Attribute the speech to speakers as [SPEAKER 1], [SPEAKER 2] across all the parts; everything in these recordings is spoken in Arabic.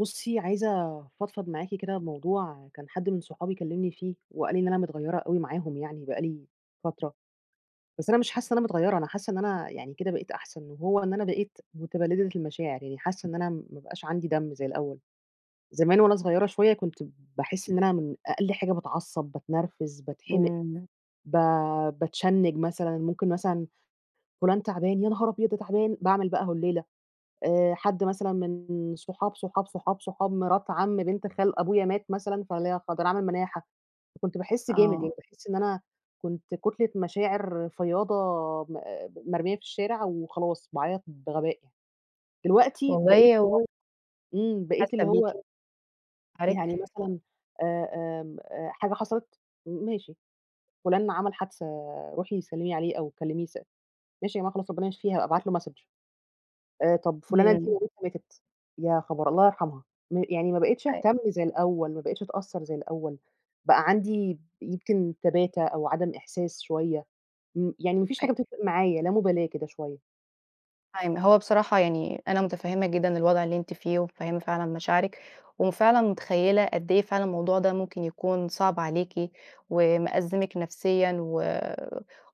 [SPEAKER 1] بُصي عايزة افضفض معاكِ كده بموضوع، كان حد من صحابي كلمني فيه، وقال لي إن أنا متغيرة أوي معاهم يعني بقى لي فترة. بس أنا مش حاسة إن أنا متغيرة، أنا حاسة إن أنا يعني كده بقيت أحسن، وهو إن أنا بقيت مُتبلدة المشاعر، يعني حاسة إن أنا ما بقاش عندي دم زي الأول، زمان وأنا صغيرة شوية كنت باحس إن أنا من أقل حاجة باتعصب، باتنرفز، باتحمق،
[SPEAKER 2] إمم.
[SPEAKER 1] ب باتشنج مثلًا، ممكن مثلًا فلان تعبان، يا نهار أبيض، ده تعبان! باعمل بقى هوليلة، آآ حد مثلًا من صُحاب، صُحاب، صُحاب، صحاب مرات عم بنت خال أبويا مات مثلًا، فاللي هي [unintelligible] فباعمل مناحة، فكنت باحس جامد، يعني
[SPEAKER 2] آه.
[SPEAKER 1] باحس إن أنا كنت كُتلة مشاعر فياضة م مرمية في الشارع، وخلاص باعيط بغباء يعني. دلوقتي بقيت
[SPEAKER 2] والله
[SPEAKER 1] اللي
[SPEAKER 2] هو
[SPEAKER 1] هو إمم، بقيت
[SPEAKER 2] حاسة
[SPEAKER 1] اللي
[SPEAKER 2] بيكِ،
[SPEAKER 1] هو يعني
[SPEAKER 2] [unintelligible]
[SPEAKER 1] مثلًا آآ، آمم، آآ حاجة حصلت، م ماشي، فلان ما عمل حادثة روحي سلمي عليه أو كلميه س "ماشي يا جماعة خلاص، ربنا يشفيه، هابقى ابعت له Message." آآ، طب فلانة دي
[SPEAKER 2] إمم.
[SPEAKER 1] مامتها ماتت، يا خبر! الله يرحمها، م يعني ما بقيتش
[SPEAKER 2] أي
[SPEAKER 1] اهتم زي الأول، ما بقيتش أتأثر زي الأول، بقى عندي ب يمكن تباتة أو عدم إحساس شوية، م يعني ما فيش
[SPEAKER 2] أي
[SPEAKER 1] حاجة بتفرق معايا، لا مُبالاة كده شوية.
[SPEAKER 2] [unintelligible] هو بصراحة يعني أنا مُتفهّمة جدًا الوضع اللي أنتِ فيه، ومُتفهّمة فعلًا مشاعرِك. وفعلًا مُتخيّلة قد إيه فعلًا الموضوع ده ممكن يكون صعب عليكِ، ومأزمِك نفسيًا، و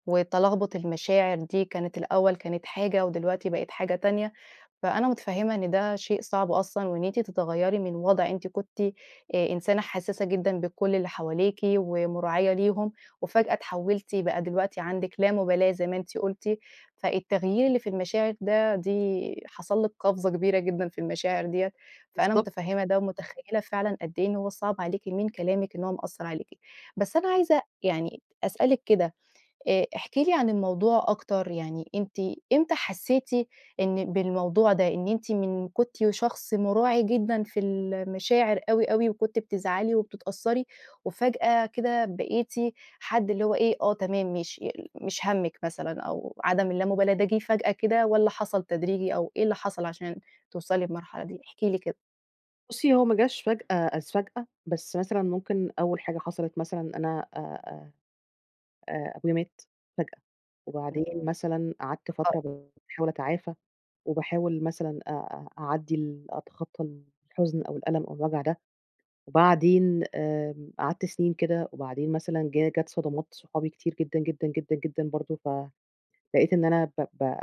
[SPEAKER 2] وتَلَغبُط المشاعر دي كانت الأول كانت حاجة، ودلوقتي بقت حاجة تانية. فأنا مُتفهّمة إن ده شيء صعب أصلًا، وإن أنتِ تتغيّري من وضع أنتِ كنتِ آآ إنسانة حسّاسة جدًا بكل اللي حواليكِ، ومُراعية ليهم، وفجأة اتحولتِ بقى دلوقتي عندِك لامُبالاة زي ما أنتِ قلتِ. فالتغيير اللي في المشاعر ده دي حصل لك قفزة كبيرة جدًا في المشاعر ديّة. فأنا
[SPEAKER 1] بالضبط.
[SPEAKER 2] مُتفهّمة ده، ومُتخيّلة فعلًا قد إيه إن هو صعب عليكِ من كلامِك إن هو مأثّر عليكِ. بس أنا عايزة يعني أسألِك كده آآ احكِ لي عن الموضوع أكتر، يعني أنتِ إمتى حسّيتِ إن بالموضوع ده، إن أنتِ من كنتِ شخص مُراعي جدًا في المشاعر أوي، أوي. وكنتِ بتزعلي، وبتتأثّري. وفجأة كده بقيتِ حد اللي هو إيه، آه، تمام، ماشي. يل مش هَمِّك مثلًا، أو عدم اللامُبالاة ده جيه فجأة كده، والّا حصل تدريجي؟ أو إيه اللي حصل عشان توصلي بمرحلة دي، احكِ لي كده؟
[SPEAKER 1] بُصّي، هو ما جاش فجأة إذ فجأة، بس مثلًا ممكن أول حاجة حصلت مثلًا أنا أ أ آآ، أبويا مات فجأة،
[SPEAKER 2] إمم.
[SPEAKER 1] وبعدين مثلًا قعدت
[SPEAKER 2] البقاء
[SPEAKER 1] فترة
[SPEAKER 2] لله.
[SPEAKER 1] باحاول أتعافى، وباحاول مثلًا أ أ أعدّي ال أتخطّى الحزن أو الألم أو الوجع ده، وبعدين آمم، قعدت سنين كده وبعدين مثلًا جه جات صدمات صحابي كتير جدًا، جدًا، جدًا، جدًا برضه، ف لقيت إن أنا ب ب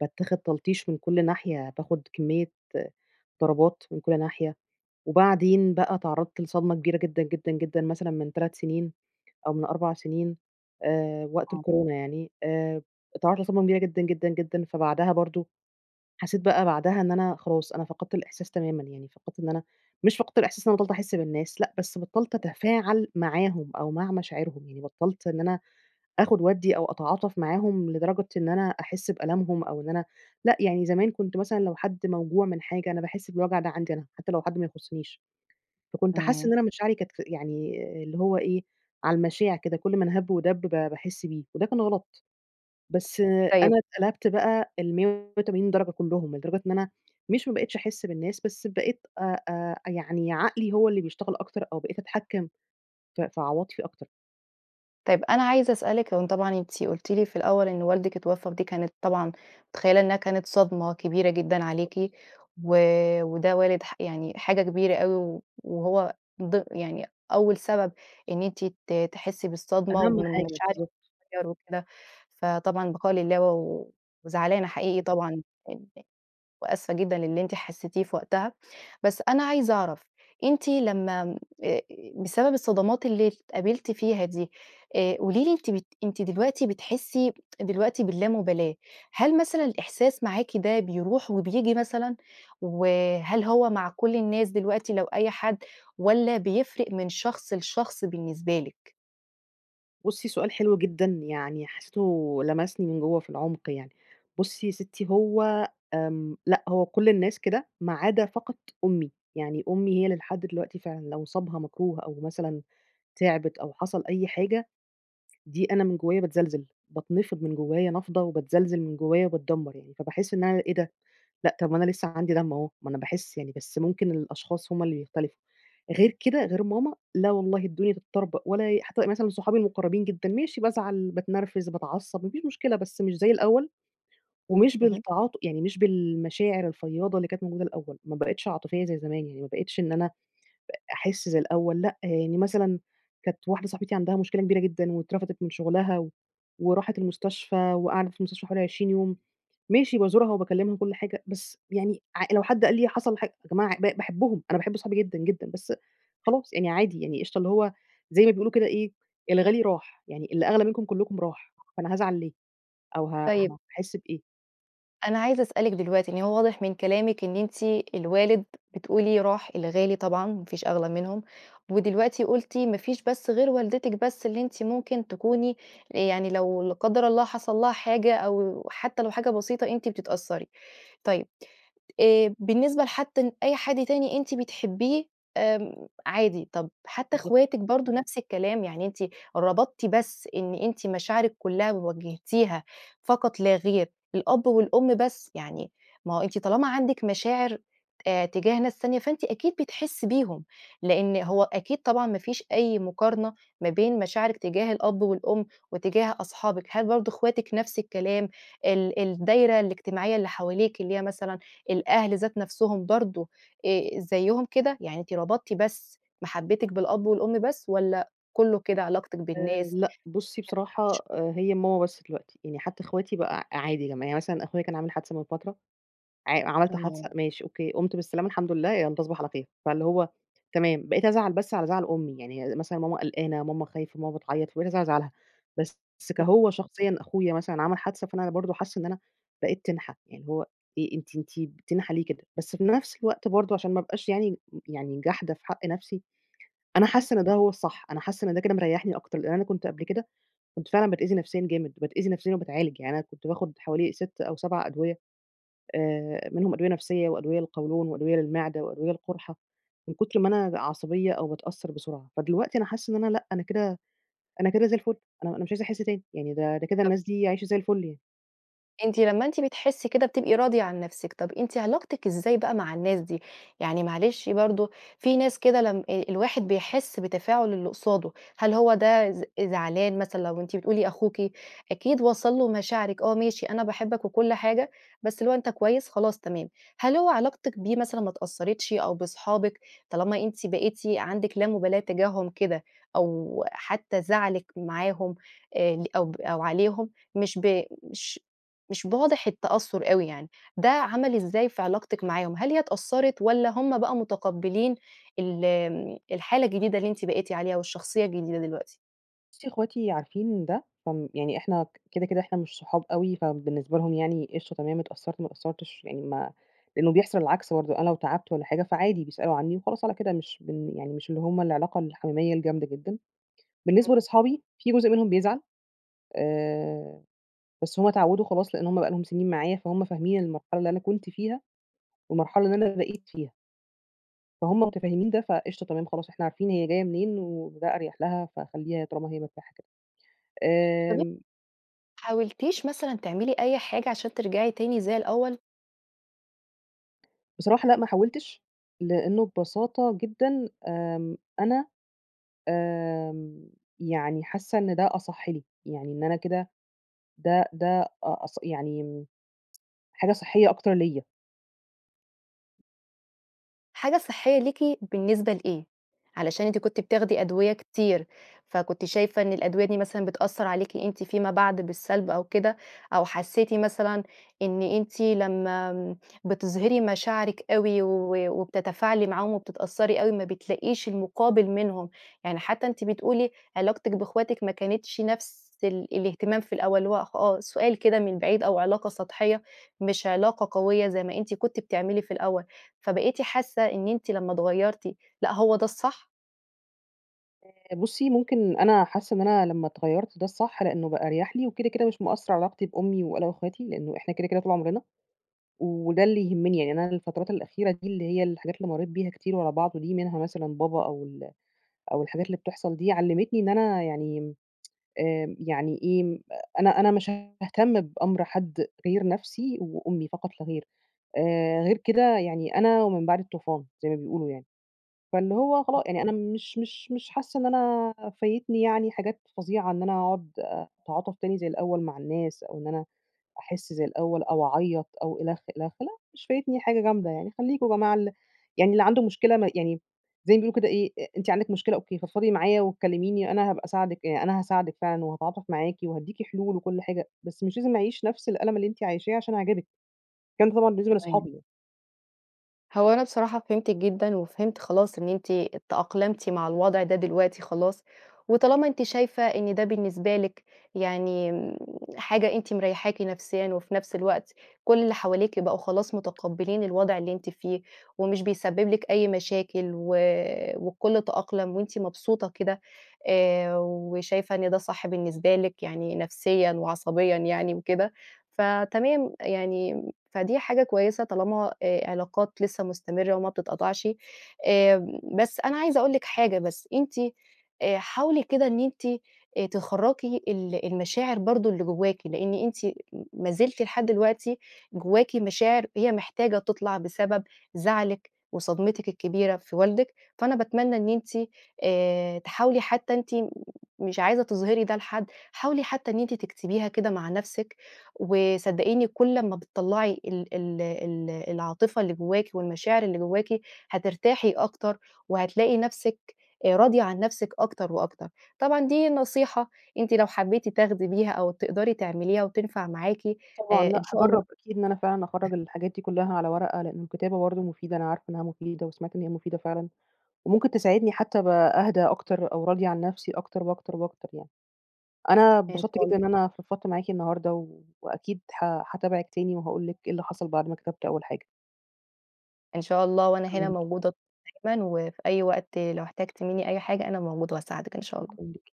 [SPEAKER 1] باتّاخد تلطيش من كل ناحية، باخد كمّية ضربات من كل ناحية، وبعدين بقى اتعرّضت لصدمة كبيرة جدًا، جدًا، جدًا مثلًا من 3 سنين، أو من 4 سنين، آآ وقت
[SPEAKER 2] آه.
[SPEAKER 1] الكورونا يعني آمم إتعرّضت لصدمة كبيرة جدًا، جدًا، جدًا. فبعدها برضه حسّيت بقى بعدها إن أنا خلاص، أنا فقدت الإحساس تمامًا يعني فقدت إن أنا مش فقدت الإحساس إن أنا بطّلت أحِسْ بالناس لأ، بس بطلت أتفاعل معاهم، أو مع مشاعرهم يعني بطّلت إن أنا آخد وأدّي، أو أتعاطف معاهم لدرجة إن أنا أحس بألمهم أو إن أنا لأ، يعني زمان كنت مثلًا لو حد موجوع من حاجة، أنا باحس بالوجع ده عندي أنا، حتى لو حد ما يُخصّنيش. فكنت حاسّة إن
[SPEAKER 2] تمام.
[SPEAKER 1] أنا مشاعري كانت ف يعني اللي هو إيه، على المَشاع كده، كل من هَب ودَب، ب باحس بيه. وده كان غلط، بس
[SPEAKER 2] طيب
[SPEAKER 1] أنا اتقلبت بقى ال180 درجة كلهم، لدرجة إن أنا مش ما بقيتش أحِسْ بالناس، بس بقيت آآ، آآ يعني عقلي هو اللي بيشتغل أكتر، أو بقيت أتحكّم ف في عواطفي أكتر.
[SPEAKER 2] طيب، أنا عايزة أسألِك هو طبعًا أنتِ قُلتِ لي في الأول إن والدِك اتوفّى، ودي كانت طبعًا متخيّلة إنها كانت صدمة كبيرة جدًا عليكِ و وده والد ح يعني حاجة كبيرة أوي و وهو ض يعني أول سبب إن أنتِ ت تحسّي بالصدمة،
[SPEAKER 1] أهم
[SPEAKER 2] ومن
[SPEAKER 1] حاجة.
[SPEAKER 2] المشاعر
[SPEAKER 1] بالضبط.
[SPEAKER 2] تتغيّر وكده، فطبعًا- البقاء لله- و و وزعلانة حقيقي
[SPEAKER 1] [unintelligible]
[SPEAKER 2] طبعًا إن وآسفة جدًا للي أنتِ حسّتيه في وقتها. بس أنا عايزة أعرف أنتِ لمّا م آآ، بسبب الصدمات اللي اتقابلتِ فيها دي، آآ قولي لي أنتِ بت أنتِ دلوقتي بتحسّي دلوقتي باللامُبالاة. هل مثلًا الإحساس معاكِ ده بيروح وبييجي مثلًا، وهل هو مع كل الناس دلوقتي لو أي حد والَّا بيفرق من شخص لشخص بالنسبة لِك؟
[SPEAKER 1] بُصّي، سؤال حلو جدًا، يعني حسّيته لمسني من جوّه في العُمق يعني. بُصّي يا سِتّي، هو آمم لأ، هو كل الناس كده، ما عدا فقط أمي، يعني أمي هي اللي لحد دلوقتي فعلًا لو صابها مكروه أو مثلًا تعبت أو حصل أي حاجة، دي أنا من جوّايا باتزلزل. باتنفض من جوّايا نَفضَة، وباتزلزل من جوّايا وباتدمّر يعني فباحس إن أنا إيه ده! لأ، طب ما أنا لسّه عندي دم أهو، ما أنا باحس يعني، بس ممكن الأشخاص هم اللي بيختلفوا. غير كده، غير ماما، لأ والله الدنيا تتطربق ولا أي حتى مثلًا صحابي المُقرّبين جدًا، ماشي بازعل، باتنرفز، باتعصّب ما فيش مشكلة، بس مش زي الأول، ومش
[SPEAKER 2] اهم.
[SPEAKER 1] بالتعاط يعني مش بالمشاعر الفيّاضة اللي كانت موجودة الأول، ما بقيتش عاطفية زي زمان يعني، ما بقيتش إن أنا أ أحِسْ زي الأول لأ. يعني مثلًا كانت واحدة صاحبتي عندها مشكلة كبيرة جدًا واترفدِت من شغلها و وراحت المستشفى وقعدت في المستشفى حوالي 20 يوم، ماشي، بازورها وباكّلمها وكل حاجة، بس يعني ع لو حد قال لي حصل حاج يا جماعة ب باحبهم، أنا باحب صحابي جدًا، جدًا بس خلاص يعني عادي يعني قشطة، اللي هو زي ما بيقولوا كده إيه، الغالي راح، يعني اللي أغلى منكم كلكم راح، فأنا هازعل ليه؟ أو ه
[SPEAKER 2] طيب
[SPEAKER 1] هاحس بإيه؟
[SPEAKER 2] أنا عايزة أسألِك دلوقتي إن هو واضح من كلامِك إن أنتِ الوالد بتقولي راح، الغالي طبعًا ما فيش أغلى منهم، ودلوقتي قلتِ ما فيش بس غير والدتِك بس اللي أنتِ ممكن تكوني آآ، يعني لو- لا قدَّر الله- حصل لها حاجة، أو حتى لو حاجة بسيطة أنتِ بتتأثري طيب آآ، بالنسبة لحتى أي حد تاني أنتِ بتحبيه آمم، عادي، طب حتى
[SPEAKER 1] بالضبط.
[SPEAKER 2] اخواتك برضه نفس الكلام؟ يعني أنتِ ربطتِ بس إن أنتِ مشاعرك كلها وجهتيها فقط لا غير الأب والأم بس، يعني ما هو أنتِ طالما عندك مشاعر آآ، تجاه ناس تانية فأنتِ أكيد بتحسي بيهم، لأن هو أكيد طبعًا ما فيش أي مقارنة ما بين مشاعرِك تجاه الأب والأم وتجاه أصحابِك هل برضه اخواتِك نفس الكلام، ال الدايرة الاجتماعية اللي حواليكِ اللي هي مثلًا الأهل ذات نفسهم برضه آآ، زيهم كده، يعني أنتِ ربطتِ بس محبتِك بالأب والأم بس، والَّا كله كده علاقتك
[SPEAKER 1] آآ،
[SPEAKER 2] بالناس؟
[SPEAKER 1] لأ بصي بصراحة، هي ماما بس دلوقتي، يعني حتى اخواتي بقى ع عادي لما يعني مثلًا أخويا كان عامل حادثة من فترة، ع عملت حادثة،
[SPEAKER 2] آه.
[SPEAKER 1] ماشي، أوكي، قُمت بالسلامة الحمد لله، يالّا تصبح على خير، فاللي هو تمام بقيت أزعل بس على زعل أمي، يعني مثلًا ماما قلقانة ماما خايفة ماما بتعيط، فبقيت أزعل على زعلها، بس
[SPEAKER 2] امم.
[SPEAKER 1] كهو شخصيًّا أخويا مثلًا عمل حادثة فأنا برضه حاسة إن أنا بقيت تنحة، يعني هو إيه، أنتِ أنتِ تنحة ليه كده، بس في نفس الوقت برضه عشان ما أبقاش يعني يعني جاحدة في حق نفسي، أنا
[SPEAKER 2] [unintelligible]
[SPEAKER 1] حاسة إن ده هو الصح، أنا حاسة إن ده كده مريحني أكتر، لأن أنا كنت قبل كده كنت فعلًا باتأذي نفسيًا جامد، باتأذي نفسيًا وباتعالج، يعني أنا كنت باخد حوالي 6 أو 7 أدوية آآ، منهم أدوية نفسية وأدوية للقولون وأدوية للمعدة وأدوية للقرحة، من كتر ما أنا عصبيّة أو باتأثر بسرعة، فدلوقتي أنا حاسة إن أنا لأ، أنا كده أنا كده زي الفل أنا أنا مش عايزة أحس تاني، يعني ده ده كده الناس دي عايشة زي الفل يعني.
[SPEAKER 2] أنتِ، لمّا أنتِ بتحسّي كده بتبقي راضية عن نفسِك، طب أنتِ علاقتِك إزاي بقى مع الناس دي؟ يعني معلش برضه، في ناس كده، لم أ الواحد بيحس بتفاعُل اللي قصاده، هل هو ده ز زعلان مثلًا، لو أنتِ بتقولي أخوكِ أكيد وصَل له مشاعرِك، آه، ماشي أنا باحبك وكل حاجة، بس اللي هو أنت كويس؟ خلاص، تمام. هل هو علاقتِك بيه مثلًا ما اتأثَّرِتش أو باصحابِك، طالما أنتِ بقيتِ عندِك لا مبالاة تجاههم كده أو حتى زعلِك معاهم، آآ، ل أو أو عليهم، مش ب مش مش واضح التأثُّر أوي يعني، ده عمل إزاي في علاقتِك معاهم، هل هي اتأثَّرِت والّا هُم بقى مُتقبِّلين ال امم، الحالة الجديدة اللي أنتِ بقيتِ عليها والشخصيّة الجديدة دلوقتي؟
[SPEAKER 1] بُصي، أخواتي عارفين ده، هم يعني إحنا، ك كده، كده، إحنا مش صحاب أوي، فبالنسبة لهم يعني قشطة، تمام، اتأثَّرت، ما اتأثَّرتش يعني ما إنه بيحصَل العكس برضه، أنا لو تعبت والّا حاجة، فعادي، بيسألوا عنّي وخلاص على كده مش بن يعني مش اللي هُم العلاقة الحميميَّة الجامدة جدًا.
[SPEAKER 2] امم.
[SPEAKER 1] بالنسبة لأصحابي في جزء منهم بيزعَّل، آآ، بس هُم اتعوِّدوا خلاص، لأن هُم بقى لهم سنين معايا، فهُم فاهمين المرحلة اللي أنا كنت فيها والمرحلة اللي أنا بقيت فيها. فهُم متفهِّمين ده، فقشطة، تمام، خلاص إحنا عارفين هي جايَّة منين وده أريَح لها، فخلّيها، طالما هي مرتاحة كده.
[SPEAKER 2] طب أن ما
[SPEAKER 1] آمم
[SPEAKER 2] حاولتيش مثلًا تعملي أي حاجة عشان ترجعي تاني زي الأول؟
[SPEAKER 1] بصراحة لأ ما حاولتِش، لأنه ببساطة جدًا آمم، أنا آمم، يعني حاسَّة إن ده أصَح لي، يعني إن أنا كده ده ده أ أص يعني حاجة صحيَّة أكتر ليّا.
[SPEAKER 2] حاجة صحيَّة ليكِ، بالنسبة لإيه؟ علشان أنتِ كنتِ بتاخدي أدوية كتير، فكنتِ شايفة إن الأدوية دي مثلًا بتأثَّر عليكِ أنتِ فيما بعد بالسَّلب أو كده، أو حسِّيتِ مثلًا إن أنتِ لمّا آمم بتِظهرِي مشاعرِك أوي و وبتتفاعلي معاهم وبتتأثَّري أوي، ما بتلاقيش المُقابل منهم، يعني حتى أنتِ بتقولي علاقتِك بإخواتِك ما كانتش نفس ال الإهتمام في الأول، اللي هو آه، سؤال كده من بعيد أو علاقة سطحيَّة، مش علاقة قويَّة زي ما أنتِ كنتِ بتعملي في الأول، فبقيتِ حاسَّة إن أنتِ لمّا اتغيَّرتِ، لأ هو ده الصح؟
[SPEAKER 1] آآ، بُصّي ممكن أنا حاسة إن أنا لما اتغيَّرت ده الصح؛ لأنه بقى أريح لي، وكده كده مش مأثر علي علاقتي بأمي وأنا وإخواتي؛ لأنه إحنا كده كده طول عمرنا، وده اللي يهمني يعني، أنا الفترات الأخيرة دي اللي هي الحاجات اللي مريت بيها كتير ورا بعض دي، منها مثلًا بابا أو ال أو الحاجات اللي بتحصل دي علمتني إن أنا يعني، آمم، يعني إيه؟ أنا أنا مش هاهتم بأمر حد غير نفسي وأمي فقط لاغير، آآ، غير كده يعني أنا ومن بعدي الطوفان، زي ما بيقولوا يعني. فاللي هو خلا
[SPEAKER 2] صحيح.
[SPEAKER 1] يعني أنا مش مش مش حاسة إن أنا فايتني يعني حاجات فظيعة إن أنا أقعد أتعاطف تاني زي الأول مع الناس، أو إن أنا أحس زي الأول أو أعيط أو إلخ، إلخ، لأ مش فايتني حاجة جامدة يعني، خليكم يا جماعة ال يعني اللي عنده مشكلة ما يعني، زي ما بيقولوا كده إيه؟ أ أنتِ عندِك مشكلة أوكي، فضفضي معايا وكلميني أنا هابقى أساعدِك يع أنا هاساعدِك فعلًا وهاتعاطف معاكِ وهاديكِ حلول وكل حاجة، بس مش لازم أعيش نفس الألم اللي أنتِ عايشاه عشان أعجبِك، الكلام ده طبعآ بالنسبة
[SPEAKER 2] تمام.
[SPEAKER 1] لأصحابي.
[SPEAKER 2] هو أنا بصراحة فهمتِك جدًا وفهمت خلاص إن أنتِ تأقلمتِ مع الوضع ده دلوقتي خلاص، وطالما أنتِ شايفة إن ده بالنسبة لِك يعني حاجة أنتِ مريحاكِ نفسيًا، وفي نفس الوقت كل اللي حواليكِ بقوا خلاص متقبلين الوضع اللي أنتِ فيه، ومش بيسبب لِك أي مشاكل و والكل تأقلم وأنتِ مبسوطة كده، آآ، وشايفة إن ده صح بالنسبة لِك، يعني نفسيًا وعصبيًا يعني وكده، فتمام، يعني فدي حاجة كويسة طالما آآ علاقات لسه مستمرة وما بتتقطعش. آمم، بس أنا عايزة أقول لِك حاجة بس، أنتِ آآ حاولي كده إن أنتِ تخَرَّجي ال المشاعر برضه اللي جواكِ، لأن أنتِ ما زلتِ لحد دلوقتي جواكِ مشاعر هي محتاجة تطلع بسبب زعلِك وصدمتِك الكبيرة في والدِك، فأنا باتمنى إن أنتِ آآ تحاولي حتى أنتِ مش عايزة تظهري ده لحد، حاولي حتى إن أنتِ تكتبيها كده مع نفسِك، وصدقيني كل لما بتطلّعي ال ال ال العاطفة اللي جواكِ والمشاعر اللي جواكِ هترتاحي أكتر، وهتلاقي نفسِك آآ راضية عن نفسِك أكتر وأكتر. طبعًا دي نصيحة أنتِ لو حبيتِ تاخدي بيها أو تقدري تعمليها وتنفع معاكِ،
[SPEAKER 1] طبعًا
[SPEAKER 2] آآ إن
[SPEAKER 1] لأ
[SPEAKER 2] شاء الله
[SPEAKER 1] هاجرب أكيد إن أنا فعلًا أخرّج الحاجات دي كلها على ورقة؛ لأن الكتابة برضه مفيدة، أنا عارفة إنها مفيدة وسمعت إن هي مفيدة فعلًا، وممكن تساعدني حتى أبقى أهدى أكتر أو راضية عن نفسي أكتر وأكتر وأكتر يعني. أنا
[SPEAKER 2] إن
[SPEAKER 1] أتبسطت
[SPEAKER 2] شاء الله
[SPEAKER 1] جدًا إن أنا فضفضت معاكِ النهاردة، و وأكيد ه هاتابعِك تاني وهأقول لِك إيه اللي حصل بعد ما كتبت أول حاجة.
[SPEAKER 2] إن شاء الله، وأنا
[SPEAKER 1] شكرًا
[SPEAKER 2] هنا
[SPEAKER 1] ليكِ.
[SPEAKER 2] موجودة دايمًا وفي أي وقت لو احتاجتِ مني أي حاجة أنا موجودة وهاساعدِك إن شاء الله.
[SPEAKER 1] شكرًا ليكِ.